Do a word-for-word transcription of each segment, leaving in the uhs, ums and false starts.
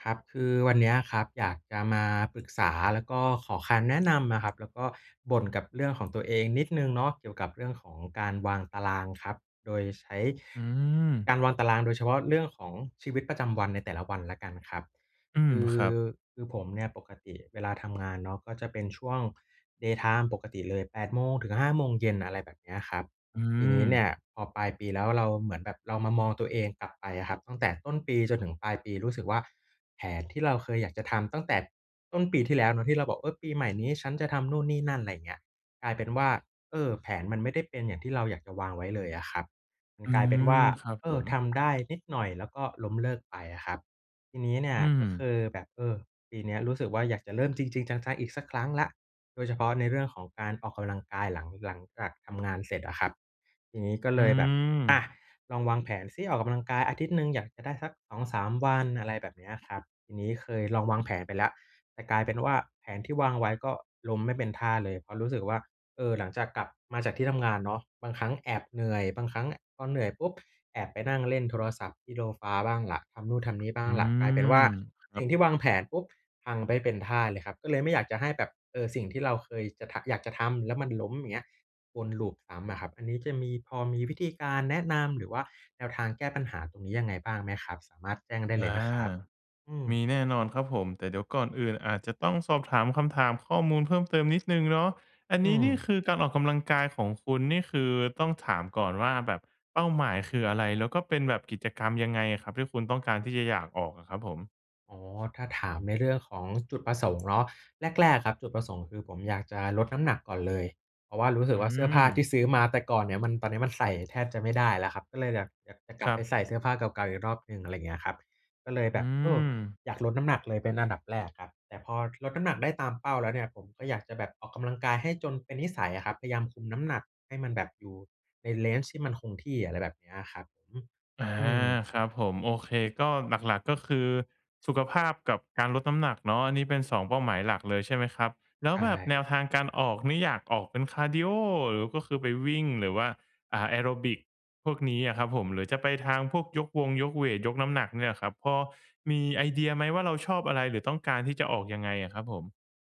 ครับ คือวันเนี้ยครับ อยากจะมา ปรึกษา แล้วก็ขอคำแนะ นำนะครับ แล้วก็บ่นกับเรื่องของ ตัวเองนิดหนึ่งเนาะ เกี่ยวกับเรื่องของการวางตารางครับ โดยใช้ อืกม ารวางตารางโดยเฉพาะเรื่องของชีวิตประจำวันในแต่ละวันแล้วกันครับ อืคม ือ ครับ คือผม เนี่ยปกติเวลาทำงานเนาะ ก็จะเป็นช่วง day time ปกติเลย แปดโมง ถึง ห้าโมง เย็น อะไรแบบเนี้ยครับ อืทีนี้เนี่ม ย พอปลายปี แล้วเราเหมือน แบบเรามามองตัวเองกลับไปอะครับ ตั้งแต่ต้นปีจนถึงปลายปี รู้สึกว่าแผนที่เราเคยอยากจะทำตั้งแต่ต้นปีที่แล้วเนาะ ที่เราบอก "เออ ปีใหม่นี้ฉันจะทำนู่นนี่นั่น" อะไรอย่างเงี้ย กลายเป็นว่า เออ แผนมันไม่ได้เป็นอย่างที่เราอยากจะวางไว้เลยอะครับ มัน อืกลายเป็นวม ่า ครับเอผอ ม ทำได้นิดหน่อย แล้วก็ล้มเลิกไปอะครับ ทีนี้เนี่อยืก็คม ือแบบ เออ ปีเนี้ยรู้สึกว่าอยากจะเริ่มจริง ๆ จัง ๆ อีกสักครั้งแล้ว โดยเฉพาะในเรื่องของการออกกำลังกาย หลัง หลังจากทำงานเสร็จอะครับ ทีนี้ก็อเืลยแบบ อม ะ ลองวางแผนซิ ออกกำลังกายอาทิตย์หนึ่งอยากจะได้สัก สองสาม วัน อะไรแบบเนี้ยครับ ทีนี้เคยลองวางแผนไปแล้ว แต่กลายเป็นว่าแผนที่วางไว้ ก็ล้มไม่เป็นท่าเลย เพราะรู้สึกว่า เออ หลังจากกลับมาจากที่ทำงานเนาะ บางครั้งแอบเหนื่อย บางครั้ง อ พอเหนื่อยปุ๊บ แอบไปนั่งเล่นโทรศัพท์ที่โดฟา บ้างล่ะ ทำนู่นทำนี่บ้อาืงล่ะ กลายเป็นวม ่า ครสัิ่บ งที่วางแผนปุ๊บ พังใบ้เป็นท่าเลยครับ ก็เลยไม่อยากจะให้แบบ เออ สิ่งที่เราเคยจะทะ อยากจะทำ แล้วมันล้มเงี้ย วนลูปซ้ำอะครับ อันนี้จะมี พอมีวิธีการแนะนำ หรือว่าแนวทางแก้ปัญหาตรงนี้ยังไงบ้างไหมครับ? สามารถแจ้งได้อเลยา นะครับ อืม มีแน่นอนครับผม แต่เดี๋ยวก่อนอื่นอาจจะต้องสอบถามคำถามข้อมูลเพิ่มเติมนิดหนึ่งเนาะ อันอืนี้นี่ม คือการออกกำลังกายของคุณ นี่คือต้องถามก่อนว่า แบบเป้าหมายคืออะไร? แล้วก็เป็นแบบกิจกรรมยังไงอะครับ ที่คุณต้องการที่จะอยากออกอะครับผม? อ๋อ ถ้าถามในเรื่องของจุดประสงค์ เนาะ แรก ๆ ครับจุดประสงค์คือ ผมอยากจะลดน้ำหนักก่อนเลย เพราะว่ารู้สอืึกว่าเสื้อผ้าทีม ่ซื้อมาแต่ก่อนเนี่ยมัน ตอนนี้มันใส่แทบจะไม่ได้แล้วครับ ก็เลยอยาก อยากจะกลคับรไัปบ ใส่เสื้อผ้าเก่า ๆ อีกรอบหนึ่ง อะไรอย่างเงี้ยครับ ก็เลยแอืบบ เออ อ อยากลดน้ำหนักเลยเป็นอันดับแรกครับ แต่พอลดน้ำหนักได้ตามเป้าแล้วเนี่ย ผมก็อยากจะแบบออกกำลังกายให้จนเป็นนิสัยอะครับ พยายามคุมน้ำหนักให้มันแบบอยู่ใน range ที่มันคงที่ อะไรแบบนี้อะครับ อือฮึ อา อือ ครับผม โอเค ก็หลัก ๆ ก็คือสุขภาพกับการลดน้ำหนักเนาะ อันนี้เป็น สอง เป้าหมายหลักเลย ใช่ไหมครับ แล้ใชวแบบ่ แนวทางการออกนี่อยากออกเป็นคาร์ดีโอ หรือก็คือไปวิ่ง หรือว่า อ่า แอโรบิกพวกนี้อะครับผม หรือจะไปทางพวกยกวงยกเวต ยกน้ำหนักเนี่ยครับ พอมีไอเดียไหมว่าเราชอบอะไร? หรือต้องการที่จะออกยังไงอะครับผม?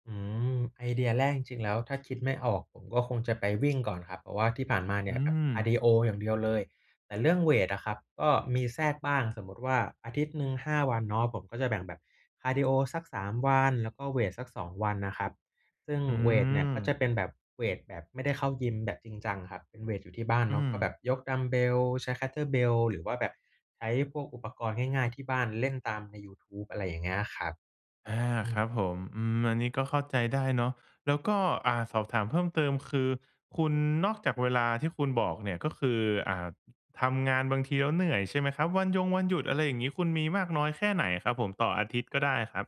อืม ไอเดียแรกจริง ๆ แล้วถ้าคิดไม่ออกผมก็คงจะไป วิ่งก่อนครับ เพราะว่าที่ผ่านมาเนอีื่ยแบบคาร์ม ดีโออย่างเดียวเลย แต่เรื่องเวตอะครับ ก็มีแทรกบ้าง สมมุติว่า อาทิตย์หนึ่ง ห้า วันเนาะ ผมก็จะแบ่งแบบคาร์ดีโอสัก สาม วัน แล้วก็เวตสัก สอง วันนะครับ ซึ่งอืเวตเนี่ย ก็จะอ เป็นแบบเวตแบบไม่ได้เข้ายิมแบบจริงจังครับ เป็นเวตอยู่ที่บ้านอืเนาะ ก็แม บบยกดัมบ์เบล ใช้ Kettlebell หรือว่าแบบใช้พวกอุปกรณ์ง่าย ๆ ที่บ้านเล่นตามในยูทูบ อะไรอย่างเงี้ย อะครับ อา อืครัอ บผม อืม อันนี้ก็เข้าใจได้เนาะ แล้วก็ อ่า สอบถามเพิ่มเติมคือ คุณ นอกจากเวลาที่คุณบอกเนี่ยก็คือ อ่า ทำงานบางทีแล้วเหนื่อยใช่ไหมครับ? วันยงวันหยุด อะไรอย่างงี้ คุณมีมากน้อยแค่ไหนครับผม? ต่ออาทิตย์ก็ได้ครับ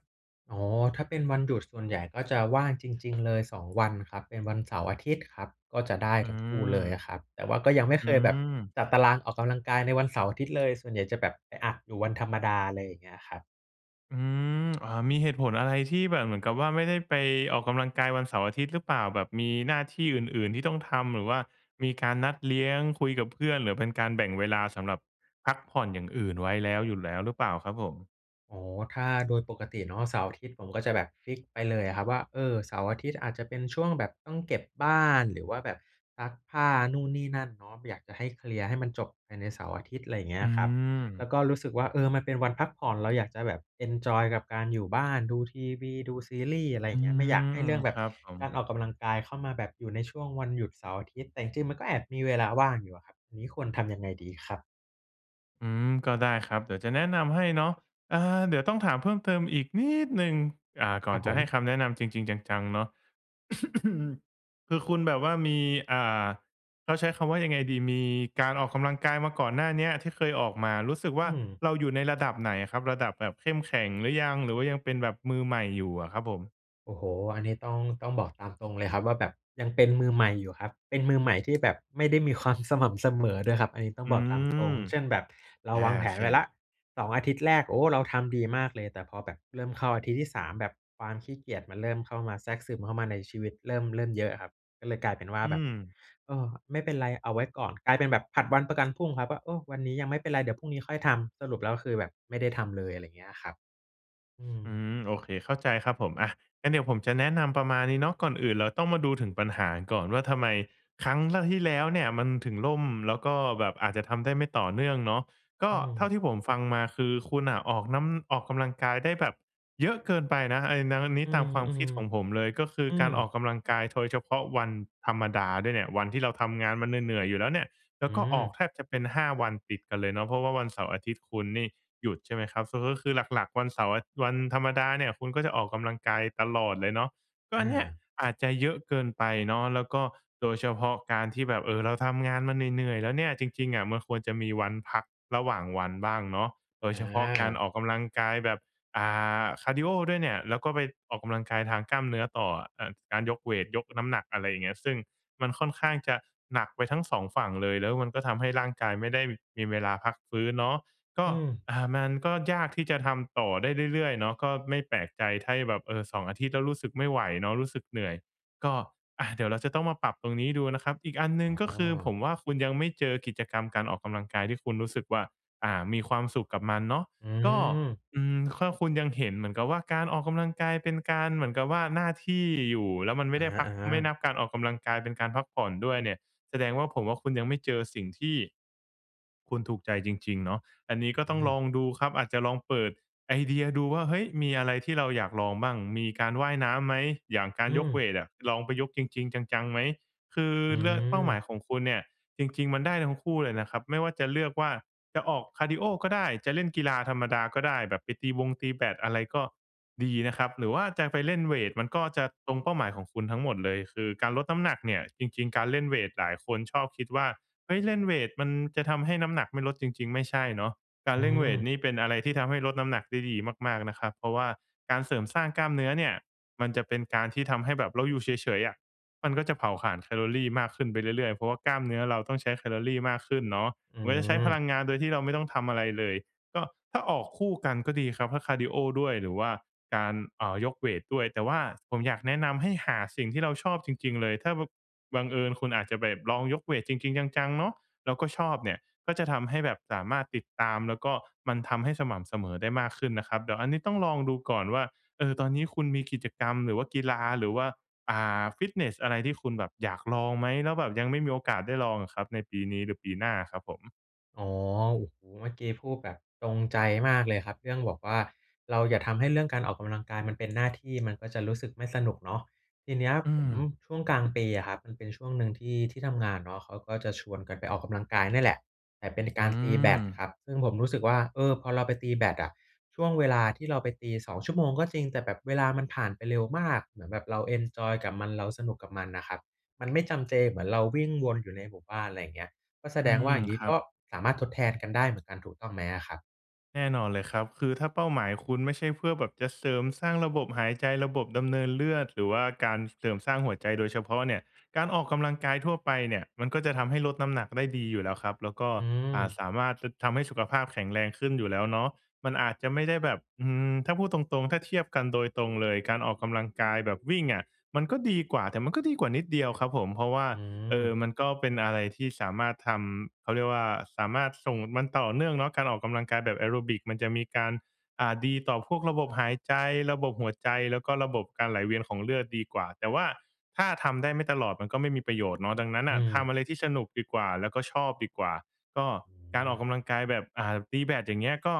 อ๋อ ถ้าเป็นวันหยุดส่วนใหญ่ก็จะว่างจริง ๆ เลย สอง วันครับ เป็นวันเสาร์อาทิตย์ครับ ก็จะได้อืทั้งคู่ม เลยอะครับ แต่ว่าก็ยังไม่อืเคยแบบม จัดตารางออกกำลังกายในวันเสาร์อาทิตย์ เลย ส่วนใหญ่จะแบบไปอัดอยู่วันธรรมดา อะไรอย่างเงี้ยครับ อืม อ่า มีเหตุผลอะไรที่แบบเหมือนกับว่าไม่ได้ไปออกกำลังกายวันเสาร์อาทิตย์หรือเปล่า? แบบมีหน้าที่อื่น ๆ ที่ต้องทำ หรือว่ามีการนัดเลี้ยงคุยกับเพื่อน หรือเป็นการแบ่งเวลาสำหรับพักผ่อนอย่างอื่นไว้แล้ว อยู่แล้วหรือเปล่าครับผม? อ๋อ ถ้าโดย ปกติเนาะ เสาร์อาทิตย์ผมก็จะแบบฟิกซ์ ไปเลยอะครับว่า เอ่อ เสาร์อาทิตย์อาจจะเป็นช่วงแบบต้องเก็บบ้าน หรือว่าแบบซักผ้านู่นนี่นั่นเนาะ บ อยากจะให้เคลียร์ให้มันจบภายในเสาร์อาทิตย์ อะไรเงี้อืยครับ แล้ม วก็รู้สึกว่า เออ มันเป็นวันพักผ่อนเราอยากจะแบบเอนจอยกับการอยู่บ้าน ดูทีวี ดูซีรี่ส์ อะไรออยื่างเงี้ย ไม่อยากม ให้เรื่องแบคบรับผกาม รออกกำลังกายเข้ามาแบบอยู่ในช่วงวันหยุดเสาร์อาทิตย์ แต่จริง ๆ มันก็แอบมีเวลาว่างอยู่อะครับ อันนี้ควรทำยังไงดีครับ? อืม ก็ได้ครับ เดี๋ยวจะแนะนำให้เนาะ อ่า เดี๋ยวต้องถามเพิ่มเติมอีกนิดหนึ่ง อ่า กค่รอันบจผะให้ม คำแนะนำจริง ๆ จัง ๆ เนาะ คือคุณแบบว่ามี อ่า เขาใช้คำว่ายังไงดี มีการออกกำลังกายมาก่อนหน้าเนี้ยที่เคยออกมา รู้สึกวอื่าม เราอยู่ในระดับไหนอะครับ? ระดับแบบเข้มแข็งหรือยัง หรือว่ายังเป็นแบบมือใหม่อยู่อะครับผม? โอ้โฮ อันนี้ต้อง ต้องบอกตามตรงเลยครับว่า แบบยังเป็นมือใหม่อยู่ครับ เป็นมือใหม่ที่แบบ ไม่ได้มีความสม่ำเสมอ ด้วยครับ อันนี้ต้ออืงบอกตามตรง ม เช่น แบบเราอา วางแโผอนเค ไว้แล้ว สอง อาทิตย์แรก โอ้ เราทำดีมากเลย แต่พอแบบเริ่มเข้าอาทิตย์ที่ สาม แบบความขี้เกียจมันเริ่มเข้ามา แทรกซึมเข้ามาในชีวิตเริ่ม เริ่มเยอะอะครับ ก็เลยกลายเป็นว่าอืแบบ ม เออ ไม่เป็นไร เอาไว้ก่อน กลายเป็นแบบผัดวันประกันพรุ่งครับว่า "โอ้ วันนี้ยังไม่เป็นไร เดี๋ยวพรุ่งนี้ค่อยทำ" สรุปแล้วคือแบบไม่ได้ทำเลย อะไรอย่างเงี้ยอะครับ อืม อืม โอเค เข้าใจครับผม อะ งั้นเดี๋ยวผมจะแนะนำประมาณนี้เนาะ ก่อนอื่นเราต้องมาดูถึงปัญหากันก่อนว่า ทำไมครั้ง ล ที่แล้วเนี่ยมันถึงล่ม แล้วก็แบบอาจจะทำได้ไม่ต่อเนื่องเนาะ กอ็ืเท่ม าที่ผมฟังมา คือคุณน่ะออกน้ำ ออกกำลังกายได้แบบเยอะเกินไปนะ ไอ้นั้น อันนีอ้ ืตาม มความคิด ของผมเลย ก็คืๆ ออืการออกม กำลังกาย โทย เฉพาะวันธรรมดาด้วยเนี่ย วันที่เราทำงานมา เหนื่อย ๆ อยู่แล้วเนี้ย แล้อืวก็ออกม แทบจะเป็น ห้า วันติดกันเลยเนาะ เพราะว่าวันเสาร์อาทิตย์คุณนี่หยุดใช่ไหมครับ สรุปก็คือ หลัก ๆ วันเสาร์ อ วันธรรมดาเนี่ย คุณก็จะออกกำลังกายตลอดเลยเนาะ ก็ออันเนี่ยา อาจจะเยอะเกินไปเนาะ แล้วก็โดยเฉพาะการที่แบบ เอ่อ เราทำงานมาเหนื่อย ๆ แล้วเนี่ย จริง ๆ อะมันควรจะมีวันพักระหว่างวันบ้างเนาะ โดยเฉพาะการอา ออกกำลังกายแบบ อ่า คาร์ดีโอด้วยเนี่ย แล้วก็ไปออกกำลังกายทางกล้ามเนื้อต่ออะ อ การยกเวต ยกน้ำหนัก อะไรอย่างเงี้ย ซึ่งมันค่อนข้างจะหนักไปทั้ง สอง ฝั่งเลย แล้วมันก็ทำให้ร่างกายไม่ได้มีเวลาพักฟื้นเนาะ ก็ อืม อ่า มันก็ยากที่จะทำต่อได้เรื่อย ๆ เนาะ ก็ไม่แปลกใจไถ้ แบบ เออ สอง อาทิตย์ แล้วรู้สึกไม่ไหวเนาะ รู้สึกเหนื่อย ก็ อะ เดี๋ยวเราจะต้องมาปรับตรงนี้ดูนะครับ อีกอันหนอึ๋่ง ก็คืออ ผมว่าคุณยังไม่เจอกิจกรรมการออกกำลังกายที่คุณรู้สึกว่า อ่า มีความสุขกับมันเนาะ อืก็ ม อืม ข้อคุณยังเห็นเหมือนกับว่าการออกกำลังกาย เป็นการเหมือนกับว่าหน้าที่อยู่ แล้วมันไอม่ะได้พัก ฮะ ไม่ๆ นับการออกกำลังกายเป็นการพักผ่อนด้วยเนี่ย แสดงว่า ผมว่าคุณยังไม่เจอสิ่งที่คุณถูกใจจริง ๆ เนาะ อันนี้ก็อืต้องลม องดูครับ อาจจะลองเปิดไอเดียดูว่า เฮ้ย มีอะไรที่เราอยากลองบ้าง มีการว่ายน้ำไหม อย่างกาอรืยกม เวตอะ ลองไปยกจริง ๆ จัง ๆ ไหม คืออืเลือก เป้าหมาม ยของคุณเนี่ย จริง ๆ มันได้ทั้งคู่เลยนะครับ ไม่ว่าจะเลือกว่า จะออกคาร์ดีโอก็ได้ จะเล่นกีฬาธรรมดาก็ได้ แบบไปตีบงตีแบต อะไรก็ดีนะครับ หรือว่าจะไปเล่นเวต มันก็จะตรงเป้าหมายของคุณทั้งหมดเลย คือการลดน้ำหนักเนี่ย จริง ๆ การเล่นเวตหลายคนชอบคิดว่า เฮ้ย เล่นเวตมันจะทำให้น้ำหนักไม่ลด จริง ๆ ไม่ใช่เนาะ กาอืรเล่นเวตม นี่เป็นอะไรที่ทำให้ลดน้ำหนักได้ดีมาก ๆ นะครับ เพราะว่าการเสริมสร้างกล้ามเนื้อเนี่ย มันจะเป็นการที่ทำให้แบบเราอยู่เฉย ๆ อะ มันก็จะเผาขานแคลอรีมากขึ้นไปเรื่อย ๆ เพราะว่ากล้ามเนื้อเราต้องใช้แคลอรีมากขึ้นเนาะ อืมันจะใช้พม ลังงานโดยที่เราไม่ต้องทำอะไรเลย ก็ถ้าออกคู่กันก็ดีครับ ถ้าคาร์ดีโอด้วย หรือว่าการ เอ่อ ยกเวตด้วย แต่ว่าผมอยากแนะนำให้หาสิ่งที่เราชอบจริง ๆ เลย ถ้าบัง บังเอิญคุณอาจจะแบบลองยกเวตจริง ๆ จัง ๆ เนาะ แล้วก็ชอบเนี่ย ก็จะทำให้แบบสามารถติดตาม แล้วก็มันทำให้สม่ำเสมอได้มากขึ้นนะครับ เดี๋ยวอันนี้ต้องลองดูก่อนว่า เออ ตอนนี้คุณมีกิจกรรม หรือว่ากีฬา หรือว่า อ่า ฟิตเนสอะไรที่คุณแบบอยากลองไหม? แล้วแบบยังไม่มีโอกาสได้ลองอะครับ ในปีนี้หรือปีหน้าอะครับผม อ๋อ โอ้โฮ! เมื่อกี้พูดแบบตรงใจมากเลยครับ เรื่องบอกว่า "เราอย่าทำให้เรื่องการออกกำลังกายมันเป็น หน้าที่ มันก็จะรู้สึกไม่สนุก" เนาะ ทีนี้อืผม ม ช่วงกลางปีอะครับ มันเป็นช่วงหนึ่งที่ที่ทำงานเนาะ เขาก็จะชวนกันไปออกกำลังกายเนี่ยแหละ แต่เป็น กอืารตีแบดอ ครับ ซึ่งผมรู้สึกว่า เออ พอเราไปตีแบดอะ ช่วงเวลาที่เราไปตี สอง ชั่วโมงก็จริง แต่แบบเวลามันผ่านไปเร็วมาก เหมือนแบบเราเอนจอยกับมัน เราสนุกกับมันอะครับ มันไม่จำเจเหมือนเราวิ่งวนอยู่ในหมู่บ้าน อะไรอย่างนี้ ก็แสอดืงว่ม า อย่างงีค้รัก็บ สามารถทดแทนกันได้เหมือนกัน ถูกต้องไหมอะครับ? แน่นอนเลยครับ คือถ้าเป้าหมายคุณไม่ใช่เพื่อแบบจะเสริมสร้างระบบหายใจ ระบบ ดำเนินเลือด หรือว่าการเสริมสร้าง หัวใจโดยเฉพาะเนี่ย การออกกำลังกายทั่วไปเนี่ย มันก็จะทำให้ลดน้ำหนัก ได้ดีอยู่แล้วครับ แล้วก็ อือ่า ม สามารถ ท ทำให้สุขภาพแข็งแรงขึ้นอยู่แล้วเนาะ มันอาจจะไม่ได้แบบ อืม ถ้าพูดตรง ๆ ถ้าเทียบกันโดยตรงเลย การออกกำลังกายแบบวิ่งอะ มันก็ดีกว่า แต่มันก็ดีกว่านิดเดียวครับผม เพราะว่า อืเอ่ม อ มันก็เป็นอะไรที่สามารถทำ เขาเรียกว่า สามารถส่ง มันต่อเนื่องเนาะ การออกกำลังกายแบบแอโรบิกมันจะมีการ อ่า ดีต่อพวกระบบหายใจ ระบบหัวใจ แล้วก็ระบบการไหลเวียนของเลือดดีกว่า แต่ว่า ถ้าทำได้ไม่ตลอดมันก็ไม่มีประโยชน์เนาะ ดังนั้นนอ่ืะ ทม ำอะไรที่สนุกดีกว่า แล้วก็ชอบดีกว่า ก็อการอืม อกกำลังกายแบบ อ่า ตีแบด อย่างเงี้ย ก็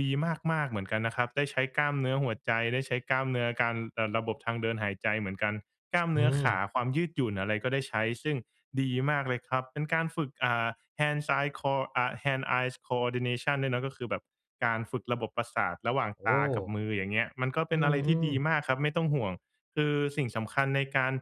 ดีมาก ๆ เหมือนกันนะครับ ได้ใช้กล้ามเนื้อหัวใจ ได้ใช้กล้ามเนื้อการ เอ่อ ระบบทางเดินหายใจเหมือนกัน กล้ามอเืนื้อขม า ความยืดหยุ่นอะไรก็ได้ใช้ ซึ่งดีมากเลยครับ เป็นการฝึก อ่า hands eye cor อ่า hand eyes coordination ด้วยเนาะ ก็คือแบบการฝึกระบบประสาทระหว่างโอตากับ้ มือ อย่างเงี้ย มันก็เปอื็นอะไรที่ม ดีๆ มากครับ ไม่ต้องห่วง คือสิ่งสำคัญในการ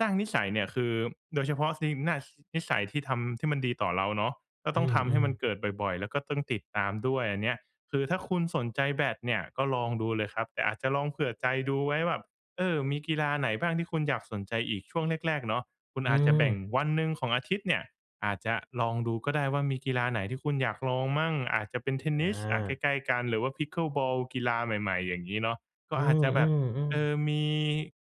สร้างนิสัยเนี่ย คือโดยเฉพาะนิมนัส นิสัยที่ทำ ที่มันดีต่อเราเนาะ ก็อืต้องทำให้ม มันๆ เกิดบ่อย ๆ แล้วก็ต้องติดตามด้วย อันเนี้ย คือถ้าคุณสนใจแบดเนี่ย ก็ลองดูเลยครับ แต่อาจจะลองเผื่อใจดูไว้แบบ เออ มีกีฬาไหนบ้างที่คุณอยากสนใจอีก? ช่วงแรก ๆ เนาะ คุณอือาจจะแบ่งม วันหนึ่งของอาทิตย์เนี่ย อาจจะลองดูก็ได้ว่า มีกีฬาไหนที่คุณอยากลองมั่ง? อาจจะเป็นเทนนิส อะ ใอา กล้ ๆ กัน หรือว่า Pickleball กีฬาใหม่ ๆ อย่างงี้เนาะ กอ็ือาจจะแบบ ม เอ่ๆ ๆ อ มี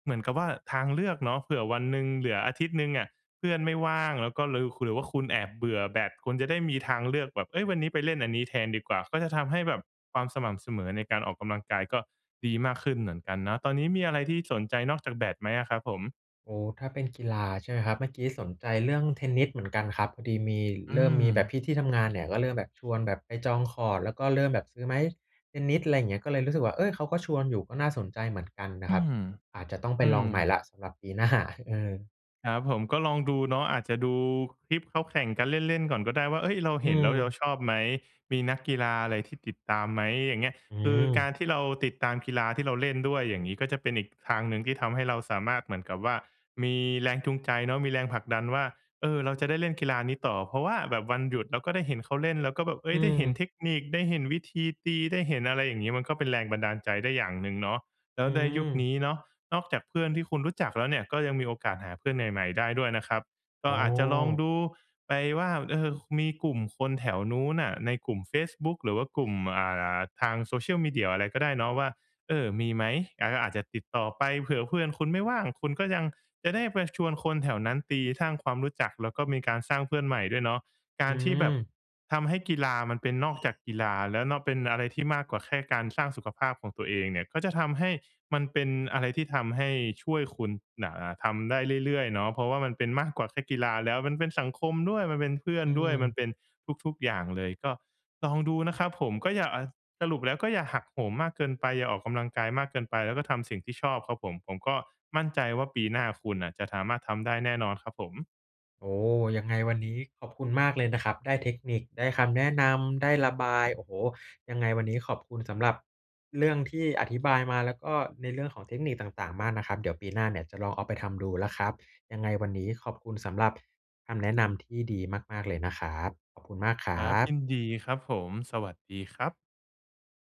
เหมือนกับว่าทางเลือกเนาะ เผื่อวันหนึ่งเหลืออาทิตย์หนึ่งอะ เพื่อนไม่ว่างแล้วก็ลือ หรือว่าคุณแอบเบื่อแบด คุณจะได้มีทางเลือกแบบ "เฮ้ย วันนี้ไปเล่นอันนี้แทนดีกว่า" ก็จะทำให้แบบความสม่ำเสมอในการออกกำลังกาย ก็ดีมากขึ้นเหมือนกันเนาะ ตอนนี้มีอะไรที่สนใจนอกจากแบดไหมอะครับผม? อ๋อ ถ้าเป็นกีฬา ใช่ไหมครับ เมื่อกี้สนใจเรื่องเทนนิสเหมือนกันครับ พอดีมี อืเริ่มมีแบบม พี่ที่ทำงานเนี่ย ก็เริ่มแบบชวนแบบไปจองคอร์ต แล้วก็เริ่มแบบซื้อไม้เทนนิส อะไรอย่างเงี้ย ก็เลยรู้สึกว่า เอ๊ย! เขาก็ชวนอยู่ ก็น่าสนใจเหมือนกันนอะืครับ ม อาจจะต้องไปอืลองใหม่ม แล้วสำหรับปี หน้า เออ ครับผม ก็ลองดูเนาะ อาจจะดูคลิปเขาแข่งกันเล่น ๆ ก่อนก็ได้ว่า เอ๊ย เราอืเห็นแล้วเยา ม ชอบไหม? มีนักกีฬาอะไรที่ติดตามไหม? อย่างเงี้ย อืคือกาม รที่เราติดตามกีฬาที่เราเล่นด้วยอย่างงี้ ก็จะเป็นอีกทางหนึ่งที่ทำให้เราสามารถเหมือนกับว่า มีแรงจูงใจเนาะ มีแรงผลักดันว่า เออ เราจะได้เล่นกีฬานี้ต่อ เพราะว่าแบบวันหยุดเราก็ได้เห็นเขาเล่น แล้วก็แบบ เออื๊ย ได้เห็นม เทคนิค ได้เห็นวิธีตี ได้เห็น อะไรอย่างงี้ มันก็เป็นแรงบันดาลใจได้อย่างหนึ่งเนาะ แล้อืวในยุคนม ี้เนาะ นอกจากเพื่อนที่คุณรู้จักแล้วเนี่ย ก็ยังมีโอกาสหาเพื่อนใหม่ ๆ ได้ด้วยนะครับ กอ๋็อาจจะลองอ ดูไปว่า เออ ค มีกลุ่มคนแถวนู้นน่ะ ในกลุ่มเฟซบุ๊กหรือว่ากลุ่ม อ่า อ่า ทางโซเชียลมีเดียอะไรก็ได้เนาะว่า เอ่อ มีไหม การก็อาจจะติดต่อไป เผื่อเพื่อนคุณไม่ว่าง คุณก็ยังจะได้ไปชวนคนแถวนั้นตี ท้าง ความรู้จัก แล้วก็มีการสร้างเพื่อนใหม่ด้วยเนาะ กอืารที่แบบม ทำให้กีฬามันเป็นนอก จากกีฬาแล้วเนาะ เป็นอะไรที่ มากกว่าแค่การสร้างสุขภาพของตัวเองเนี่ย ก็จะทำให้มันเป็นอะไรที่ทำให้ช่วยคุณน่ะ อ่า ทำได้เรื่อย ๆ เนาะ เพราะว่ามันเป็นมากกว่าแค่กีฬาแล้ว มันเป็นสังคมด้วย มันเป็นเพื่ออนืด้วย มันม เป็นทุก ๆ อย่างเลย ก็ลองดูนะครับผม ก็อย่า อ่า สรุปแล้วก็อย่าหักโหมมากเกินไป อย่าออกกำลังกายมากเกินไป แล้วก็ทำสิ่งที่ชอบครับผม ผมก็มั่นใจว่าปีหน้าคุณน่ะ จะถามารถทำได้แน่นอนครับผม โอ้ ยังไงวันนี้ขอบคุณมากเลยนะครับ ได้เทคนิค ได้คำแนะนำ ได้ระบาย โอ้โฮ ยังไงวันนี้ ขอบคุณสำหรับเรื่องที่อธิบายมา แล้วก็ในเรื่องของเทคนิคต่าง ๆ มากนะครับ เดี๋ยวปีหน้าเนี่ยจะลองเอาไปทำดูแล้วครับ ยังไงวันนี้ขอบคุณสำหรับคำแนะนำที่ดีมาก ๆ เลยนะครับ ขอบคุณมากครครัับ ยบ ินดีครับผม สวัสดีครับ